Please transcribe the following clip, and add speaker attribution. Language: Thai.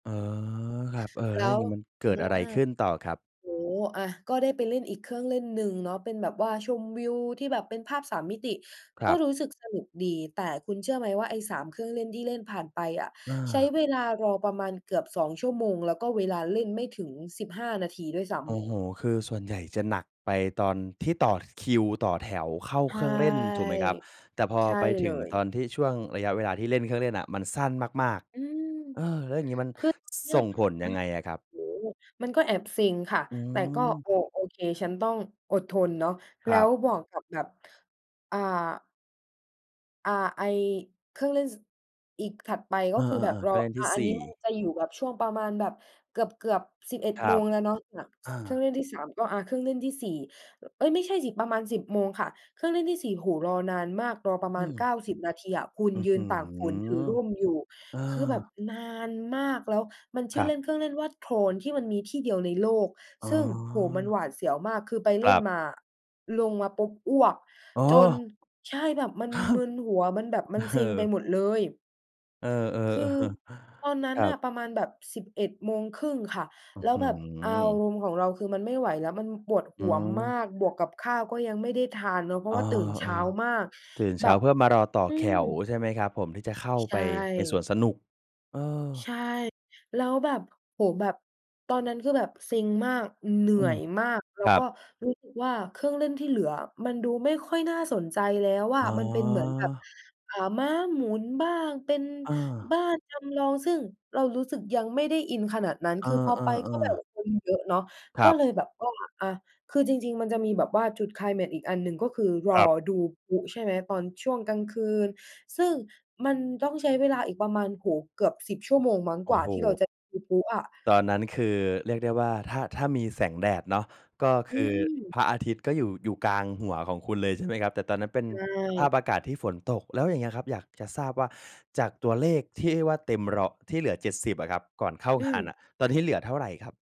Speaker 1: อ๋อ ครับ เออ แ
Speaker 2: แ
Speaker 1: ล
Speaker 2: ล
Speaker 1: ้ว
Speaker 2: ้
Speaker 1: อย่า
Speaker 2: ว
Speaker 1: งนี้มันเก
Speaker 2: อ
Speaker 1: ิ
Speaker 2: า
Speaker 1: ดอะไรขึ้นต่อครับ?
Speaker 2: โอ้ อา ก็ได้ไปเล่นอีกเครื่องเล่นหนึ่งเนาะ เป็นแบบว่าชมวิวที่แบบเป็นภาพ 3 มิติ
Speaker 1: คร
Speaker 2: ก็
Speaker 1: ับ
Speaker 2: รู้สึกสนุกดี แต่คุณเชื่อไหมว่าไอ้ 3 เครื่องเล่นที่เล่นผ่านไปอะ
Speaker 1: อ
Speaker 2: ใช้
Speaker 1: า
Speaker 2: เวลารอประมาณเกือบ 2 ชั่วโมง แล้วก็เวลาเล่นไม่ถึง 15 นาทีด้วยซ้
Speaker 1: โอ
Speaker 2: ำ
Speaker 1: ้โฮ คือส่วนใหญ่จะหนักไปตอนที่ต่อคิว ต่อแถว เข้า
Speaker 2: ใช
Speaker 1: เค
Speaker 2: ่
Speaker 1: รื่องเล่นถูกไหมครับ แต่พอ
Speaker 2: ใช่
Speaker 1: ไป
Speaker 2: เ
Speaker 1: ถ
Speaker 2: ล
Speaker 1: ึง
Speaker 2: ย
Speaker 1: ตอนที่ช่วงระยะเวลาที่เล่นเครื่องเล่นอะมันสั้นมาก
Speaker 2: อืม
Speaker 1: ๆ เออ แล้วอย่างงี้มัน
Speaker 2: คือตอนเนี่
Speaker 1: ส
Speaker 2: ย
Speaker 1: ่งผล
Speaker 2: อ
Speaker 1: ย
Speaker 2: า
Speaker 1: ังไงอะครับ?
Speaker 2: โอ้โฮ มันก็แอบเซ็งค่ะ
Speaker 1: อื
Speaker 2: แต่ก็
Speaker 1: ม
Speaker 2: โอ โอเค ฉันต้องอดทนเนาะ แ
Speaker 1: ค
Speaker 2: ล
Speaker 1: ร
Speaker 2: ้
Speaker 1: ั
Speaker 2: ว
Speaker 1: บ
Speaker 2: บอกกับแบบ อ่า อ่า ไอ้เครื่องเล่น ส อีกถัดไป
Speaker 1: เอ
Speaker 2: ก็
Speaker 1: อ
Speaker 2: คือแบบ
Speaker 1: ๆ ๆ เ
Speaker 2: ร
Speaker 1: ค
Speaker 2: อ
Speaker 1: รื่องเล่นท
Speaker 2: อ
Speaker 1: ี่
Speaker 2: า อ
Speaker 1: ส
Speaker 2: ัน
Speaker 1: ี
Speaker 2: นี
Speaker 1: ่
Speaker 2: ้มันจะอยู่แบบช่วงประมาณแบบเกือบ ๆ 11
Speaker 1: คร
Speaker 2: โม
Speaker 1: ับ
Speaker 2: งแล้วเนาะ น
Speaker 1: อา
Speaker 2: เครื่องเล่นที่ 3 ก็ อา เครื่องเล่นที่ 4 เอ๊ย ไม่ใช่สิ ประมาณ 10 โมงค่ะ เครื่องเล่นที่ 4 โอ้โฮ รอนานมาก รอประ
Speaker 1: อ
Speaker 2: ม
Speaker 1: ื
Speaker 2: าณ
Speaker 1: ม
Speaker 2: 90 นาทีอะคุณ
Speaker 1: อื้อ
Speaker 2: ยื
Speaker 1: ฮื
Speaker 2: นตากฝนถือ
Speaker 1: อ
Speaker 2: ร่มอยู่
Speaker 1: เออ
Speaker 2: คือแบบนานมาก แล้วมันช
Speaker 1: ค
Speaker 2: ื่
Speaker 1: ร
Speaker 2: อ
Speaker 1: ั
Speaker 2: เ
Speaker 1: บ
Speaker 2: ล่น เครื่องเล่นว่า Tron ที่มันมีที่เดียวในโลก
Speaker 1: อ๋
Speaker 2: ซึ่ง โอ้โฮ มัน
Speaker 1: อ
Speaker 2: หวาดเสียวมาก คือไป
Speaker 1: ค
Speaker 2: เล
Speaker 1: ร
Speaker 2: ่
Speaker 1: ั
Speaker 2: น
Speaker 1: บ
Speaker 2: มาอะ ลงมาปุ๊บ อ้วก
Speaker 1: อ๋อ
Speaker 2: จน ใช่ แบบมัน
Speaker 1: อา ห
Speaker 2: มึนหัว มันแบบมันเ
Speaker 1: เ
Speaker 2: ซ
Speaker 1: อ
Speaker 2: ็งไป
Speaker 1: อ
Speaker 2: หมดเลย
Speaker 1: เออ ๆ อ
Speaker 2: คือ
Speaker 1: เออ
Speaker 2: ตอนนั้
Speaker 1: ค
Speaker 2: น
Speaker 1: รั
Speaker 2: น่
Speaker 1: บ
Speaker 2: ะประมาณแบบ 11 โมงครึ่งค่ะ
Speaker 1: อื้
Speaker 2: แ
Speaker 1: อ
Speaker 2: ล้
Speaker 1: ฮ
Speaker 2: ว
Speaker 1: ื
Speaker 2: แบบอา
Speaker 1: อ
Speaker 2: รมณ์ของเราคือมันไม่ไหวแล้ว มันปวดห
Speaker 1: อื
Speaker 2: ัวม
Speaker 1: ม
Speaker 2: าก บวกกับข้าวก็ยังไม่ได้ทานเนาะ เพรา
Speaker 1: อ
Speaker 2: ะว
Speaker 1: ้
Speaker 2: ่
Speaker 1: อ
Speaker 2: าตื่นเ
Speaker 1: เ
Speaker 2: ช
Speaker 1: อ
Speaker 2: ้า
Speaker 1: อ
Speaker 2: มาก
Speaker 1: ตื่นเ
Speaker 2: แ
Speaker 1: ช
Speaker 2: บ
Speaker 1: ้า
Speaker 2: บ
Speaker 1: เพื่อมารอต่อ
Speaker 2: อื
Speaker 1: แถว
Speaker 2: ม
Speaker 1: ใช่ไหมครับผม? ที่จะเข้า
Speaker 2: ใช
Speaker 1: ไปในสว
Speaker 2: ่
Speaker 1: นสนุก เออ
Speaker 2: ใช่ แล้วแบบ โอ้ แบบ ตอนนั้นคือแบบเซ็งมาก เหนื
Speaker 1: อ
Speaker 2: ่
Speaker 1: ื
Speaker 2: อ
Speaker 1: ม
Speaker 2: ยมาก แล้
Speaker 1: ค
Speaker 2: ว
Speaker 1: รั
Speaker 2: ก็
Speaker 1: บ
Speaker 2: รู้สึกว่าเครื่องเล่นที่เหลือมันดูไม่ค่อยน่าสนใจแล้วอ
Speaker 1: อ
Speaker 2: ะ
Speaker 1: ๋อ
Speaker 2: มันเป็นเหมือนแบบ อ่า ม้าหมุนบ้าง เป็น
Speaker 1: เ
Speaker 2: บ
Speaker 1: ออ
Speaker 2: ้านจำลอง ซึ่งเรารู้สึกยังไม่ได้อินขนาดนั้น
Speaker 1: เอ
Speaker 2: คือพอไปก็
Speaker 1: อ
Speaker 2: แบบ
Speaker 1: ๆ ๆ
Speaker 2: คนเยอะเนาะ
Speaker 1: คร
Speaker 2: ก็
Speaker 1: ั
Speaker 2: เ
Speaker 1: บ
Speaker 2: ลยแบบว่า อา คือจริง ๆ มันจะมีแบบว่าจุดไคลแม็กซ์อีกอันหนึ่งก็คือร
Speaker 1: ค
Speaker 2: อ
Speaker 1: รับ
Speaker 2: ดูพลุใช่ไหม ตอนช่วงกลางคืน ซึ่งมันต้องใช้เวลาอีกประมาณ โอ้โฮ เกือบ 10 ชั่วโมงมั้ง
Speaker 1: โอ
Speaker 2: ก
Speaker 1: ้
Speaker 2: ว่า
Speaker 1: โ
Speaker 2: ที่เรา
Speaker 1: ฮ
Speaker 2: จะดูพลุอะ
Speaker 1: ตอนนั้นคือเรียกได้ว่าถ้า ถ้ามีแสงแดดเนาะ ก็ค
Speaker 2: อื
Speaker 1: ือ
Speaker 2: ม
Speaker 1: พระอาทิตย์ก็อยู่ อยู่กลางหัวของคุณเลยใช่ไหมครับ แต่ตอนนั้นเป็น
Speaker 2: ใช
Speaker 1: สภาพ
Speaker 2: ่
Speaker 1: อากาศที่ฝนตก แล้วอย่างเงี้ยครับอยากจะทราบว่า จากตัวเลขที่ว่าเต็มร้อย ที่เหลือ 70 อะครับ ก่อนเข้า
Speaker 2: อื
Speaker 1: งานน
Speaker 2: ม
Speaker 1: ่ะ ตอนนี้เหลือเท่าไรครับ?